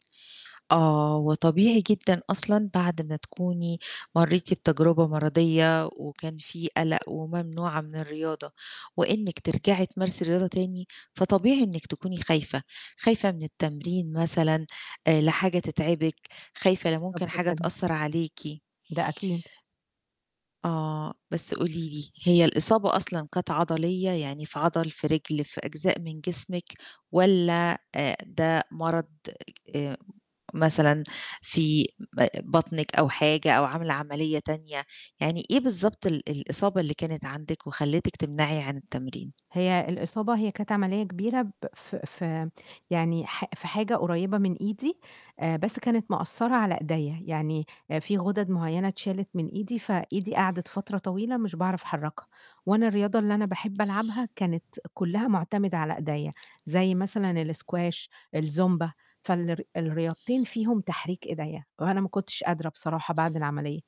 آه، وطبيعي جدًا أصلًا بعد ما تكوني مرّيتِ بتجربة مَرَضِية، وكان في قلق، وممنوعة من الرياضة وإنِّك ترجعي تمارسي رياضة تاني، فطبيعي إنِّك تكوني خايفة، خايفة من التمرين مثلًا، آآ لا حاجة تتعبِك، خايفة لا بالضبط ممكن حاجة كده. تأثّر عليكِ. ده أكيد. آه، بس قولي لي هي الإصابة أصلًا كانت عَضَلية، يعني في عَضَل، في رِجل في أجزاء من جسمِك والَّا آآ، ده مَرَض آآ، مثلًا في ام بطنِك أو حاجة أو عاملة عملية تانية، يعني إيه بالضبط ال الإصابة اللي كانت عندِك وخليتِك تمنعي عن التمرين؟ هي الإصابة، هي كانت عملية كبيرة ب في في يعني حا في حاجة قريبة من إيدي، بس كانت مأثِّرة على إيديّا، يعني في غُدَد معيّنة اتشالت من إيدي، فإيدي قَعَدِت فترة طويلة مش باعرف أحرّكها، وأنا الرياضة اللي أنا باحب ألعبها، كانت كُلّها معتمدة على إيديّا، زي مثلًا الاسكواش، الزومبا، فالر الرياضتين فيهم تحريك إيديّا وأنا ما كُنتش قادرة بصراحة بعد العملية.